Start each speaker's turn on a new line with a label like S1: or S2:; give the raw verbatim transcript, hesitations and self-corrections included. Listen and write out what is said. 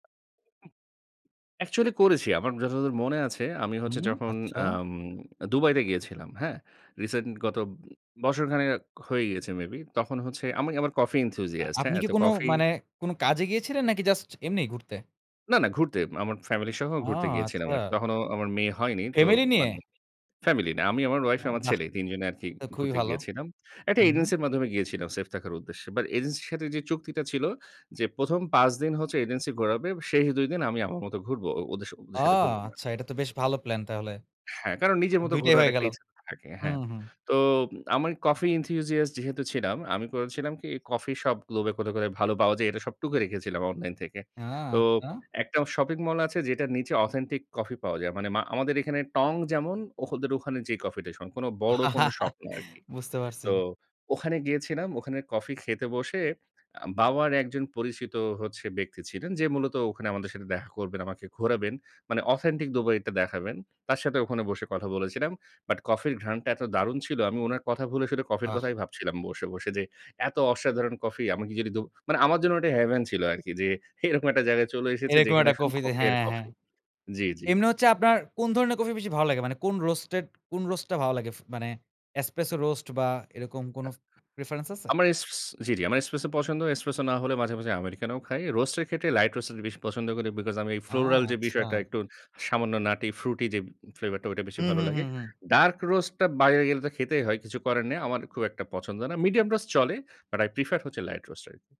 S1: Actually করেছি। আমার যতদূর মনে আছে, আমি হচ্ছে
S2: হুম,
S1: যখন
S2: আচ্ছা।
S1: এম আ দুবাইতে গিয়েছিলাম। হ্যাঁ? রিসেন্ট গত বছর খানেক হয়ে গিয়েছে মেবি, তখন হচ্ছে আমি, আমার Coffee
S2: আ
S1: Enthusiast
S2: আপনি
S1: হ্যাঁ?
S2: কি
S1: তো
S2: কোনো
S1: কফি
S2: মানে কোনো কাজে গিয়েছিলেন নাকি জাস্ট এমনি ঘুরতে?
S1: না, না ঘুরতে, আমার ফ্যামিলি সহ
S2: ও
S1: ঘুরতে গিয়েছিলাম আর কি।
S2: আচ্ছা!
S1: তখনও আমার মেয়ে হয়নি। তো
S2: ফ্যামিলি নিয়ে?
S1: মানে ফ্যামিলি না। আমি, আমার ওয়াইফ,
S2: ও
S1: আমার
S2: বাহ!
S1: ছেলে, এই তিন জনে আর কি
S2: তো খুবই
S1: ঘুরতে
S2: ভালো।
S1: গিয়েছিলাম। এক টা
S2: হু, হুম।
S1: এজেন্সির মাধ্যমে গিয়েছিলাম, সেফ থাকার উদ্দেশ্যে। বাট এজেন্সির সাথে যে চুক্তিটা ছিল যে, প্রথম পাঁচ দিন হচ্ছে এজেন্সি ঘোরাবে, শেষ দুই দিন আমি আমার মত ঘুরব। ও ওদের,
S2: ও
S1: ওদের সাথে ঘুরবো না আর
S2: আচ্ছা।
S1: কি।
S2: এটা তো বেশ ভালো প্ল্যান তাহলে।
S1: হ্যাঁ, কারণ নিজের মতো
S2: দুই টাই
S1: ঘোরার
S2: হয়ে
S1: এক টা
S2: গেল।
S1: ইচ্ছা থাকে। হ্যাঁ।
S2: হুম, হুম।
S1: তো আমি Coffee Enthusiast যেহেতু ছিলাম, আমি করেছিলাম কি কফি শপ globe এ কোথায়, কোথায় ভালো পাওয়া যায় এটা সব টুকে রেখেছিলাম অনলাইন থেকে।
S2: হ্যাঁ,
S1: তো
S2: আচ্ছা।
S1: একটা শপিং মল আছে যেটার নিচে authentic coffee পাওয়া যায়। মানে মা আমাদের এখানে টং যেমন? ওহ ওদের ওখানে যে কফিটেশন। কোন বড় কোন শপ না আর কি।
S2: বুঝতে পারছি।
S1: তো ওখানে গিয়েছিলাম, ওখানে কফি খেতে বসে আ বাবার এক জন পরিচিত হচ্ছে ব্যক্তি ছিলেন। যে মূলত ওখানে আমাদের সাথে দেখা করবেন, আমাকে ঘোরাবেন। মানে অথেন্টিক দুবাইটা দেখাবেন। তার সাথে ওখানে বসে কথা বলেছিলাম। বাট কফির ঘ্রাণটা এত দারুণ ছিল, আমি উনার কথা ভুলে শুধু কফির
S2: আহ।
S1: কথাই ভাবছিলাম বসে, বসে যে এত অসাধারণ কফি আমাকে যদি দো মানে আমার জন্য ঐটা heaven ছিল আর কি যে, এরকম এক টা জায়গায় চলে এসেছি
S2: এরকম এক
S1: যেখানে
S2: টা
S1: শুধু
S2: কফিতে,
S1: কফি আর
S2: হ্যাঁ, হ্যাঁ।
S1: কফি। জি, জি।
S2: এমনি হচ্ছে আপনার কোন ধরনের কফি বেশি ভালো লাগে? মানে কোন Roasted, কোন Roast টা ভালো লাগে? মানে Espresso Roast বা এরকম কোন preference আছে?
S1: আমার এস জি, জি। আমার Espresso পছন্দ। Espresso না হলে মাঝে, মাঝে Americano খাই। Roast এর ক্ষেত্রে Light Roast টা বেশি পছন্দ করি বিকজ আমি
S2: ও
S1: floral যে বিষয়টা
S2: আচ্ছা।
S1: একটু সামান্য nutty fruity যে ফ্লেভারটা ঐটা বেশি
S2: হুম,
S1: ভালো
S2: হুম,
S1: লাগে।
S2: হুম, হুম।
S1: Dark Roast টা বাইরে গেলে তো খেতেই হয়, কিছু করার নাই। আমার খুব একটা পছন্দ না। Medium Roast চলে, but i prefer হচ্ছে Light Roast.